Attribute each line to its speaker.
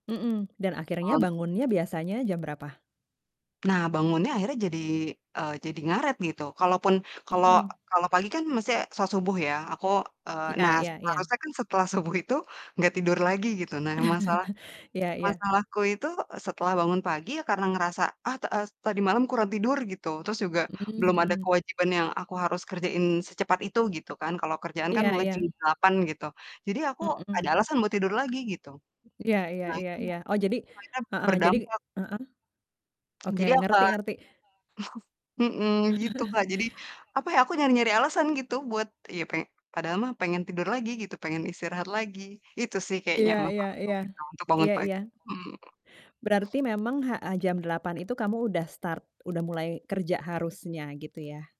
Speaker 1: Mhm, dan akhirnya
Speaker 2: Kalau untuk
Speaker 1: bangunnya biasanya jam berapa?
Speaker 2: Nah, bangunnya akhirnya jadi eee, jadi ngaret gitu. Kalaupun kalau
Speaker 1: Mhm.
Speaker 2: kalau pagi, kan, mesti salat subuh, ya. Aku eee,
Speaker 1: Iya
Speaker 2: nah
Speaker 1: iya iya.
Speaker 2: seharusnya, kan, setelah subuh itu nggak tidur lagi gitu. Nah masalah
Speaker 1: Iya iya.
Speaker 2: masalahku itu e setelah bangun pagi karena ngerasa, "Ah ta e tadi malam kurang tidur," gitu. Terus juga,
Speaker 1: Mmm,
Speaker 2: belum ada
Speaker 1: mhm.
Speaker 2: kewajiban yang aku harus kerjain secepat itu gitu, kan. Kalau kerjaan, kan,
Speaker 1: Iya
Speaker 2: mulai
Speaker 1: iya,
Speaker 2: jam 8.00 gitu. Jadi aku ada
Speaker 1: mhm.
Speaker 2: alasan buat tidur lagi gitu.
Speaker 1: Iya iya
Speaker 2: Nah
Speaker 1: iya
Speaker 2: itu,
Speaker 1: iya.
Speaker 2: itu,
Speaker 1: Oh jadi
Speaker 2: akhirnya
Speaker 1: heeh, jadi
Speaker 2: berdampak.
Speaker 1: heeh. Oke,
Speaker 2: Jadi ya,
Speaker 1: ngerti
Speaker 2: eee
Speaker 1: ngerti.
Speaker 2: mhm, gitu, Kak. Jadi, apa, ya, aku nyari-nyari alasan gitu buat, ya, peng padahal mah pengen tidur lagi gitu, pengen istirahat lagi. Itu, sih, kayaknya
Speaker 1: Iya iya
Speaker 2: masalahku
Speaker 1: iya.
Speaker 2: gitu untuk bangun
Speaker 1: Iya iya.
Speaker 2: pagi, mhm.
Speaker 1: Berarti memang heeh, jam 08:00 itu kamu udah start, udah mulai kerja harusnya gitu, ya?